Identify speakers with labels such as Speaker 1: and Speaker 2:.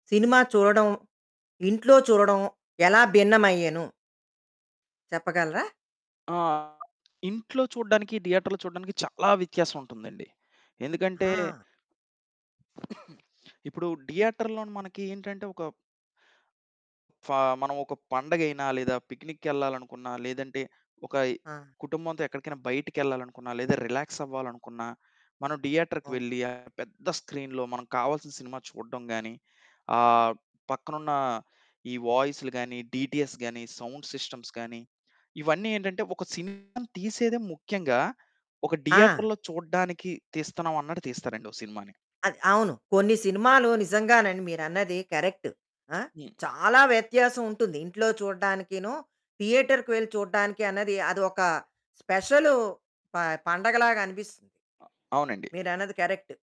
Speaker 1: Cinema చూడడం, ఇంట్లో చూడడం, ఎలా భిన్నమయ్యెను చెప్పగలరా?
Speaker 2: ఆ! ఇంట్లో చూడడానికి, థియేటర్‌లో చూడడానికి చాలా వ్యత్యాసవుంటందండి. ఎందుకంటే
Speaker 1: ఆ!
Speaker 2: ఇప్పుడు థియేటర్‌లోని మనకేంటంటే ఒక ఫా మనవొక పండగైనా లేదా పిక్నిక్కెళ్ళాలనుకున్నా, లేదంటే ఒక
Speaker 1: ఆ!
Speaker 2: కుటుంబంతో ఎక్కడికైనా బయటికెళ్ళాలనుకున్నా, లేదా రిలాక్సవ్వాలనుకున్నా, మనం థియేటర్‌కి
Speaker 1: అవును.
Speaker 2: వెళ్ళి, ఆ పెద్ద స్క్రీన్‌లో మనం కావాల్సిన సినిమా చూడడం గానీ, ఆహ్, పక్కనున్నా ఈ వాయిసులు గానీ, డీటీఎస్ గానీ, సౌండ్ సిస్టమ్స్ గానీ, ఇవన్నీ ఏంటంటే, ఒక సినిమాని తీసేదే ముఖ్యంగా ఒక
Speaker 1: ఆ!
Speaker 2: థియేటర్‌లో చూడడానికి తీస్తన్నావన్నట్టు తీస్తారండి ఓ సినిమాని.
Speaker 1: అది అవును. కొన్ని సినిమాలు నిజంగానండి మీరన్నది కరెక్టు. ఆ!
Speaker 2: హ్మ్.
Speaker 1: చాలా వ్యత్యాసవుంటుంది ఇంట్లో చూడ్డానికినూ, థియేటర్‌కి వెళ్లి చూడడానికి అన్నది అది ఒక స్పెషలూ ప పండగలాగనిపిస్తుంది.
Speaker 2: అ అవునండి.
Speaker 1: మీరన్నది కరెక్టు.